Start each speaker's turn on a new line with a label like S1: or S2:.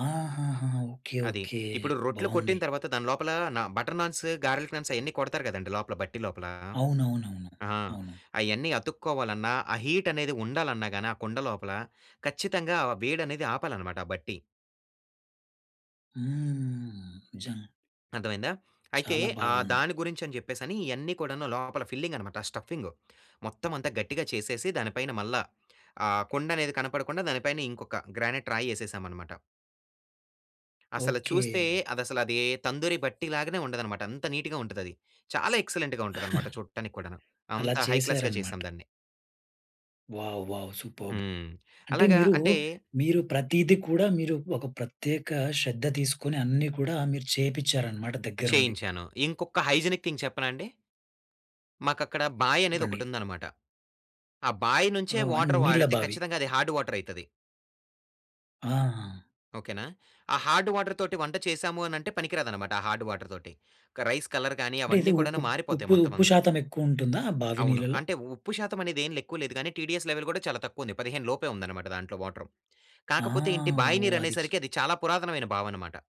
S1: ఆహాహా! ఓకే.
S2: అది.
S1: ఓకే.
S2: ఇప్పుడు రొట్లు
S1: బావుంది.
S2: కొట్టిన తర్వాత దాని లోపల న బటర్ నాన్స్, గార్లిక్ నాన్స్ అయన్నీ కొడతారు గదండీ! లోపల బట్టి లోపల.
S1: అవునవునవును.
S2: ఆ!
S1: అవును.
S2: అయన్నీ అతుక్కోవాలన్నా ఆ హీట్ అనేది ఉండాలన్నా గానీ ఆ కుండ లోపల ఖచ్చితంగా ఆ వేడనేది ఆపాలనమాట ఆ బట్టి.
S1: హ్మ్. నిజం.
S2: అర్థమయిందా? అయితే
S1: చాలా
S2: ఆ
S1: బాగుంది.
S2: దాని గురించని జెప్పేసని ఇయన్నీ కూడాను లోపల ఫిల్లింగ్ అనమాట. స్టఫింగు మొత్తం అంతా గట్టిగా చేసేసి దానిపైన మల్లా ఆ కుండనేది కనపడకుండా దాని పైన ఇంకొక గ్రానైట్ రాయేసేసాం అనమాట. అసల చూస్తే
S1: ఓకే.
S2: అదసలది తందూరి బట్టిలాగానే ఉండదనమాట అంత నీట్‌గా ఉంటదది. చాలా ఎక్సలెంట్‌గా ఉంటదనమాట చూట్టానిక్కూడాను
S1: అలా
S2: అంత హై క్లాస్‌గా
S1: చేశారనమాట.
S2: చేసాం దాన్ని.
S1: వావ్! వావ్! సూపర్బ్!
S2: హ్మ్.
S1: అంటే
S2: అలాగా
S1: మీరూ
S2: అంటే
S1: మీరు ప్రతీది కూడా మీరు ఒక ప్రత్యేక శ్రద్ధ తీసుకొని అన్నీ కూడా మీరు చేపిచ్చారనమాట
S2: అ!
S1: దగ్గరుండి.
S2: చేయించాను. ఇంకొక హైజినిక్ థింగ్ చెప్పనాండి? మాకక్కడ
S1: చెప్పండి.
S2: బాయనేదొకటుందనమాట. ఆ బాయి నుంచే
S1: ఓహ్! అన్
S2: వాటర్
S1: నీళ్ళ
S2: వాడితే
S1: బావి.
S2: ఖచ్చితంగా అది హార్డ్ వాటరైతది.
S1: ఆ!
S2: ఓకేనా! ఆ హార్డ్ వాటర్‌తోటి వంట చేసాము అనంటే పనికి రాదనమాట. ఆ హార్డ్ వాటర్‌‌తోటి క రైస్ కలర్‌ గానీ
S1: అంటే ఇది
S2: అవన్నీ
S1: ఉప్
S2: కూడాను మారిపోతాయి
S1: ఉప్పుది
S2: మొత్తం
S1: ఉప్పు
S2: అంతా.
S1: శాతం ఎక్కువుంటుందా బావి
S2: అవును.
S1: నీళ్లలో?
S2: అంటే ఉప్పు శాతమనేదేం ఎక్కువ లేదు గానీ టీడీఎస్ లెవెల్ కూడా చాలా తక్కువుంది. 15 లోపే ఉందనమాట దాంట్లో వాటరు.
S1: ఆ!
S2: కాకపోతే ఏంటి, బాయి
S1: ఓహ్!
S2: నీరు
S1: అది చి
S2: అనేసరికి అది చాలా పురాతనమైన బావనమాట.